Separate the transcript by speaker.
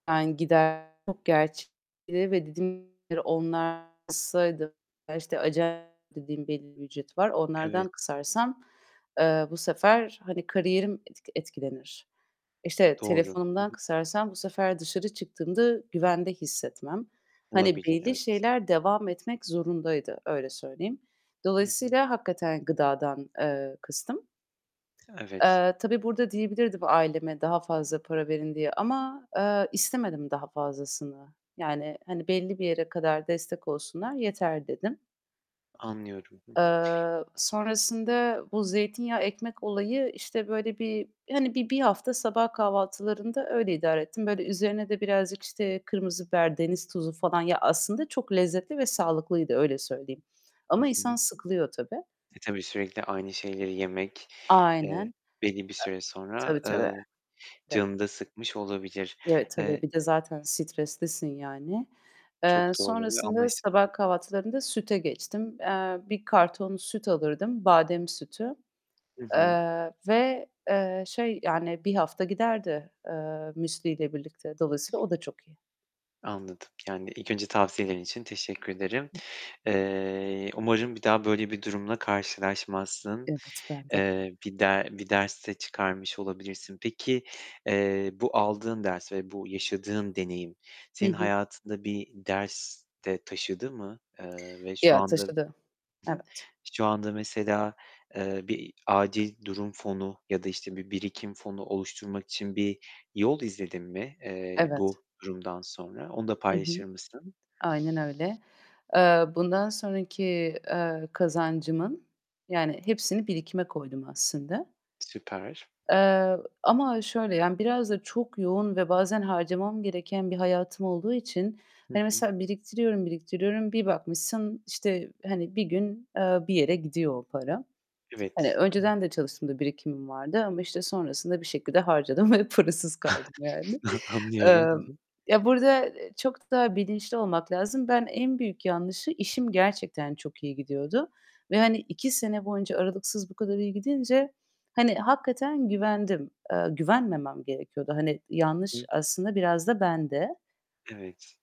Speaker 1: Yani, gider çok gerçekleri ve [unintelligible] ya, işte, acayip dediğim belli bir ücreti var. Onlardan
Speaker 2: Evet.
Speaker 1: kısarsam, eee, bu sefer hani kariyerim etk etkilenir. İşte
Speaker 2: Doğru. Hı
Speaker 1: telefonumdan
Speaker 2: hı.
Speaker 1: kısarsam bu sefer dışarı çıktığımda güvende hissetmem. Hani
Speaker 2: Olabilir,
Speaker 1: belli
Speaker 2: evet.
Speaker 1: şeyler devam etmek zorundaydı öyle söyleyeyim.
Speaker 2: Hı hı.
Speaker 1: Dolayısıyla hakikaten gıdadan, eee, kıstım.
Speaker 2: Evet.
Speaker 1: Eee, tabii burada diyebilirdim aileme: "Daha fazla para verin." diye ama, eee, istemedim daha fazlasını. Yani hani belli bir yere kadar destek olsunlar yeter dedim.
Speaker 2: Anlıyorum, hı hı.
Speaker 1: Eee, sonrasında bu zeytinyağı, ekmek olayı işte böyle bir hani bi bir hafta sabah kahvaltılarında öyle idare ettim. Böyle üzerine de birazcık işte kırmızı biber, deniz tuzu falan. Ya aslında çok lezzetli ve sağlıklıydı öyle söyleyeyim.
Speaker 2: Hı
Speaker 1: Ama insan
Speaker 2: hı.
Speaker 1: sıkılıyor tabii.
Speaker 2: E, tabii sürekli aynı şeyleri yemek,
Speaker 1: Aynen.
Speaker 2: eee,
Speaker 1: E
Speaker 2: belli bir süre sonra,
Speaker 1: tabii, tabii.
Speaker 2: eee, canını da sıkmış olabilir.
Speaker 1: Evet, tabii.
Speaker 2: Eee
Speaker 1: Bir de zaten streslisin yani. Eee,
Speaker 2: Çok doğru ve.
Speaker 1: sonrasında
Speaker 2: [unintelligible]
Speaker 1: sabah kahvaltılarında süte geçtim. Eee, 1 karton süt alırdım; badem sütü.
Speaker 2: Hı hı.
Speaker 1: Eee, ve, eee, şey yani 1 hafta giderdi, eee, müsliyle birlikte. Dolayısıyla o da çok iyi.
Speaker 2: Anladım. Yani ilk önce tavsiyelerin için teşekkür ederim. Eee, umarım bir daha böyle bir durumla karşılaşmazsın.
Speaker 1: Evet, ben de.
Speaker 2: Eee, bir de bir ders de çıkarmış olabilirsin. Peki, eee, bu aldığın ders ve bu yaşadığın deneyim
Speaker 1: Hı
Speaker 2: senin
Speaker 1: hı.
Speaker 2: hayatında bir ders de taşıdı mı? Eee, ve şu
Speaker 1: Ya,
Speaker 2: anda
Speaker 1: taşıdı.
Speaker 2: Hı hı.
Speaker 1: Evet.
Speaker 2: Şu anda mesela, eee, bir acil durum fonu ya da işte bir birikim fonu oluşturmak için bir yol izledin mi, eee,
Speaker 1: Evet.
Speaker 2: bu durumdan sonra? Onu da
Speaker 1: Hı hı.
Speaker 2: paylaşır mısın?
Speaker 1: Aynen öyle. Eee, bundan sonraki, eee, kazancımın yani hepsini birikime koydum aslında.
Speaker 2: Süper.
Speaker 1: Eee, ama şöyle yani biraz da çok yoğun ve bazen harcamam gereken bir hayatım olduğu için
Speaker 2: Hı
Speaker 1: hani
Speaker 2: hı.
Speaker 1: mesela biriktiriyorum, biriktiriyorum bir bakmışsın işte hani bir gün, eee, bir yere gidiyor o para. Hani
Speaker 2: Evet.
Speaker 1: önceden de çalıştığımda birikimim vardı ama işte sonrasında bir şekilde harcadım ve parasız kaldım yani. Eee,
Speaker 2: Anlıyorum, hı hı.
Speaker 1: ya burada, eee, çok da bilinçli olmak lazım. Ben en büyük yanlışı işim gerçekten çok iyi gidiyordu ve hani 2 sene boyunca aralıksız bu kadar iyi gidince hani hakikaten güvendim. Eee, güvenmemem gerekiyordu. Hani
Speaker 2: Hı
Speaker 1: yanlış
Speaker 2: hı.
Speaker 1: aslında biraz da bende.
Speaker 2: Evet.